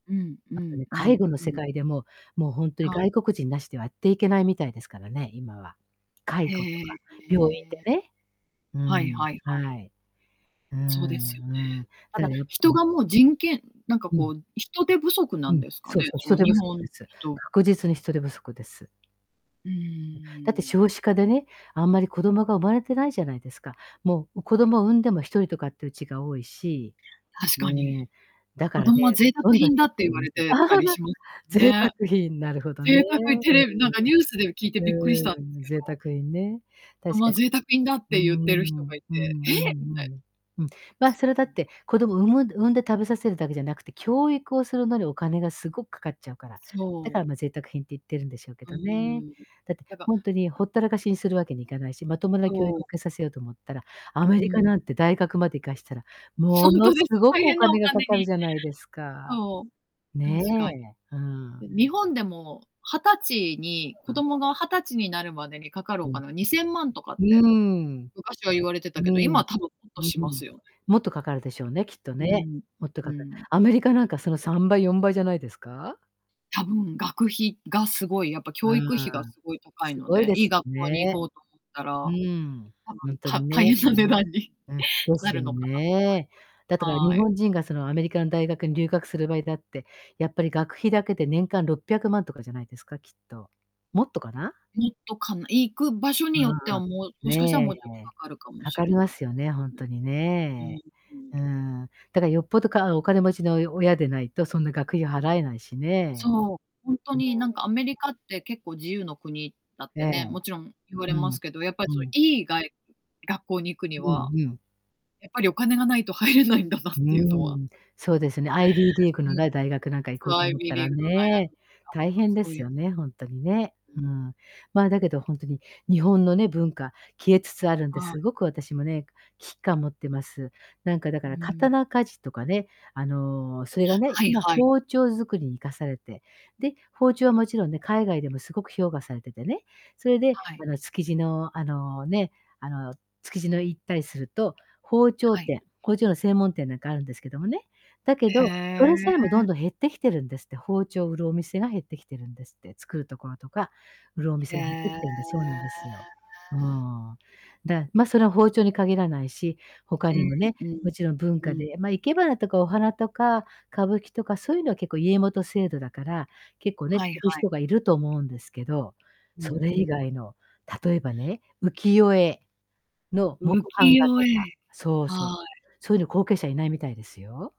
うんうあとんね、う介ん護のう世ん。界でも、もうほんとにはい。外国人なしではやっていけないみたいですからね、今は。介へ護とか、え。病院でええ。ね。うはいん、はいはい。はい。うそうですよんうん。ね。だたからだ、やっぱ人 [unintelligible] がもう、人権なんかうこん。う、人手不足なうんん、ですかそうね、そう、そ人の、手日不足本です。人確実に、人手不足です。ううん、だってーん。少子化でね、あんまり子供が生まれてないじゃないですか。もう、う、子供産んでも、1人とかってうちが多いし。確うーかに。ん。だか子らね、供はま、贅沢どんどん品減だっってて言いわまれす。てたり しま [unintelligible] 贅沢ね。品、なるほどね、贅沢テレビ、なんかニュースで聞いてうーびっくりん。したんでうすーん、け贅ど。沢品ね、子確供かはに。贅沢品だってう言っている人んがういん。うんて、ええ！うみたいんうん。うん、ま、それだっ [unintelligible] て、子供産む産んで食べさせるだけじゃなくて、教育をするのにお金がすごくかかっちゃうから。だそかう。ら、ま、贅沢品って言ってるんでしょうけうどね。ーん。だって、だかほんとに、ら、なほったらかしにするわけにいかないし、まともな教そう。育を受けさせようと思ったら、アうメリカん。なんて大学まで行かしたら、ほもんのとですす、ごく大お変なお金がか金かにるじゃないですか。そう、ね確かに。え、うん。うん、日本でも、20歳やに子れ、うん。供が20歳になるまでにかかるおうん。金は、2000万とかっうて、ーん。昔は言われてたうけど、今ん。はたぶん、もっうとんしうまん。すよね。もっとかかるでしょうね、きっとうね。ん。もっとうかかる。ん。アメリカなんか、その、3倍、4倍じゃないですか？多分、学費がすごい、やっぱ、あ教育費があ、すごい高いすのごいで、でいいすよ学校に行ね。こうと思ったら、うーん、多ほ分、んとにた大ね。変な値段にうん、でなすよるのかなと思いね。だったから、ま日はい。本人が、その、アメリカの大学に留学する場合だって、やっぱり学費だけで、年間600万とかじゃないですか、きっと。もっとかな。もっとかな、行く場所によってうんは、うもう、ん。もしかしたらねもうちょっとえ。かかるかもかしかりれまないですよね、ほんすね。とにうん。ね。ううん。ん、だか、よっぽど、かお金持ちの、およ、親でないとそんな学費払えないしね。そう。ほんと [unintelligible] になんか、アメリカって結構自由の国だっえてえ。ね、もちろん言われうまん。すけど、やっぱ、うそ、ん。いい、がい学校に行くにうん、はふん。やっぱりお金がないと入れないんだなっうーてゆうのは。ん。そうですね、アイビーリーグの、む。だ大学なんか行こうそ、とアイ思っビーたリらーグの大学ね、に行大っ変たで子のす [unintelligible] よね、ほんとにね。うん。うん。まあ、だけど、ほんとに、日本のね、文化、消えつつあるんで、はい。凄く私もね、危機感持ってます。なんかだうかーら、ん。刀鍛冶とかね、あの、それがね、はい今、はい。包丁作りに活かされて、で、包丁はもちろんね、海外でも凄く評価されててね、それで、はい。あの、築地の、あの、ね、あの、築地の、行ったりすると、包丁はい。店包丁の専門店なんかあるんですけどもね、だけへど、そえ。れさえもどんどん減ってきてるんですって包丁を売るお店が減ってきてるんですって。作るところとか、売るおへ店え。が減ってきてるんでそうなんですよ。うーん。だ、ま、それは包丁に限らないし、他えにえ、もね、うん。もちろん文う化ん。で、ま、生け花とかお花とか、歌舞伎とかそうゆのは結構、家元制度だから、結構ね、は継いぐはい。人がいると思うんですけど、うそんれう以ん。外の、例えばね、浮世絵の浮木世版画とか。絵、そうそう。はい。そうゆうの後継者いないみたいですよ。